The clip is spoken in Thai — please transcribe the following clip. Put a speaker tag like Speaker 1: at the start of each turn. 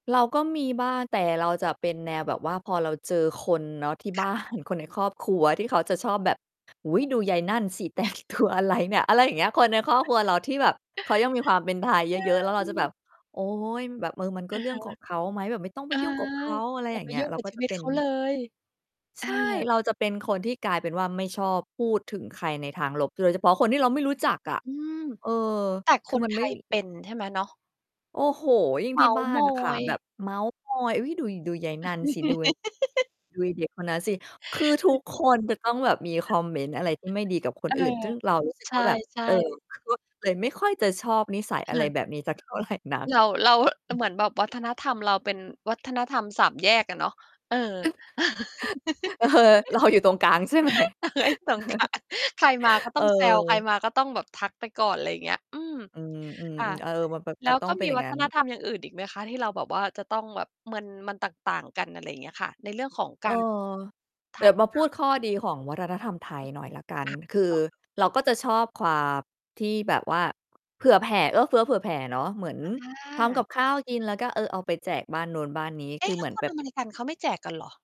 Speaker 1: เราก็มีบ้าง แต่เราจะเป็นแนวแบบว่า พอเราเจอคนเนาะที่ บ
Speaker 2: ค
Speaker 1: ้
Speaker 2: ่
Speaker 1: า
Speaker 2: ะ
Speaker 1: น คนในครอบครัวที่เขาจะชอบแบบ อุ๊ย ดูยัยนั่นสิ แต่งตัวอะไรเนี่ย อะไรอย่างเงี้ย คนในครอบครัวเราที่แบบเขายังมีความเป็นไทยเยอะ ๆ แล้ว
Speaker 2: ใ
Speaker 1: เราจะแบบ
Speaker 2: ช่
Speaker 1: โอ๊ย แบบ เออ มันก็
Speaker 2: อะ
Speaker 1: เรื่
Speaker 2: ฮ
Speaker 1: อ
Speaker 2: ะ
Speaker 1: งของเขาไหมแบบไม่ต้องไ
Speaker 2: เ
Speaker 1: ป
Speaker 2: ออ
Speaker 1: ยุ่งกับเขา อะไร
Speaker 2: อย่
Speaker 1: อย
Speaker 2: า
Speaker 1: ่า
Speaker 2: ไ
Speaker 1: ง
Speaker 2: ป
Speaker 1: เงี้
Speaker 2: ย
Speaker 1: ย
Speaker 2: ุ่ง
Speaker 1: เรา
Speaker 2: กับ
Speaker 1: ก็
Speaker 2: ชี
Speaker 1: จะ
Speaker 2: วิต
Speaker 1: เป็
Speaker 2: เข
Speaker 1: น
Speaker 2: าเลย
Speaker 1: ใ
Speaker 2: อ
Speaker 1: ช่
Speaker 2: า
Speaker 1: เราจะเป็นคนที่กลายเป็นว่า ไม่ชอบพูดถึงใครในทางลบ โดยเฉพาะคนที่เราไม่รู้จักอะ
Speaker 2: อืม
Speaker 1: เออ
Speaker 2: แต่ค
Speaker 1: คือ
Speaker 2: น
Speaker 1: มัน
Speaker 2: ไท
Speaker 1: ไม่
Speaker 2: ยเป็นใช่ไหมเนาะ?
Speaker 1: โอ้โฮ ยิ่ง
Speaker 2: เม
Speaker 1: ท
Speaker 2: ้
Speaker 1: ี่
Speaker 2: าท
Speaker 1: บ
Speaker 2: ์
Speaker 1: ้า
Speaker 2: ม
Speaker 1: น
Speaker 2: อ
Speaker 1: อะค่ะ
Speaker 2: ย
Speaker 1: แบบเม้าท์มอย "เอ๊ย ดู ดูยัยนั่นสิ ดู ดูไอ้เด็กคนนั้นสิ" คือทุกคนจะต้องแบบมีค
Speaker 2: ค
Speaker 1: อ
Speaker 2: ่ะ
Speaker 1: มเมนต์อะไรที่ไม่ดีกับค
Speaker 2: เ
Speaker 1: น
Speaker 2: ออ
Speaker 1: อื่น ซึ่งเรารู้ สึก
Speaker 2: ใ
Speaker 1: ว่าแบบ
Speaker 2: ช่
Speaker 1: เออ
Speaker 2: ๆ
Speaker 1: ก็ เลยไม่ค่อยจะชอบนิสัย
Speaker 2: ค
Speaker 1: อะไร
Speaker 2: ่ะ
Speaker 1: แบบนี้สักเท่าไรนัก
Speaker 2: เรา เราอะ เหมือนแบบวัฒนธรรมเราเป็นวัฒนธรรม 3 แยกอะเนาะ เออ
Speaker 1: เออ รออยู่ตรงกลางใช่ไหม?
Speaker 2: [unintelligible] ใครมาก็ต้องแซว ใคร
Speaker 1: เออ
Speaker 2: มาก็ต้องแบบทักไปก่อน อะไรอย่างเงี้ย อืม
Speaker 1: อืม
Speaker 2: อ่า
Speaker 1: ๆ ๆ เออ มันแบบ
Speaker 2: แล
Speaker 1: จ
Speaker 2: ้
Speaker 1: ะ
Speaker 2: ว
Speaker 1: ต้อ
Speaker 2: ก
Speaker 1: ง
Speaker 2: ็
Speaker 1: เป็
Speaker 2: ม
Speaker 1: น
Speaker 2: ี
Speaker 1: อย่าง
Speaker 2: วั
Speaker 1: นั
Speaker 2: ฒ
Speaker 1: ้น
Speaker 2: นธรรมอย่างอื่นอีกไหมคะ ที่เราแบบว่า จะต้องแบบมัน มันต่าง ๆ กัน อะไรอย่างเงี้ยค่ะ ในเรื่องของ
Speaker 1: เ
Speaker 2: ก
Speaker 1: อ
Speaker 2: า
Speaker 1: อ
Speaker 2: รท
Speaker 1: เด
Speaker 2: ั
Speaker 1: ี๋ย
Speaker 2: ก
Speaker 1: วมา
Speaker 2: ท
Speaker 1: พู
Speaker 2: า
Speaker 1: ด
Speaker 2: ย
Speaker 1: ข้อดีของวัฒนธรรมไท
Speaker 2: อ
Speaker 1: ย
Speaker 2: ือฮึ
Speaker 1: หน่อยแล้วกัน
Speaker 2: อ่า
Speaker 1: คื
Speaker 2: ต
Speaker 1: อ
Speaker 2: ่อ
Speaker 1: เราก็จะชอบความที่แบบว่า เผื่อแผ่ เอื้อเฟื้อเผื่อแผ่เนาะ เหมือน
Speaker 2: อ
Speaker 1: ทำก
Speaker 2: า
Speaker 1: ับข้าวกิน แล้วก็ เออ เอาไปแจกบ้านโน้นบ้านนี้
Speaker 2: เอ
Speaker 1: ค
Speaker 2: ๊
Speaker 1: ื
Speaker 2: ะ
Speaker 1: อ
Speaker 2: แ
Speaker 1: เ
Speaker 2: ล
Speaker 1: ห
Speaker 2: ้
Speaker 1: ม
Speaker 2: ว
Speaker 1: ือน
Speaker 2: ค
Speaker 1: แ
Speaker 2: น
Speaker 1: บบ
Speaker 2: อเมริกัน เขาไม่แจกกันเหรอ?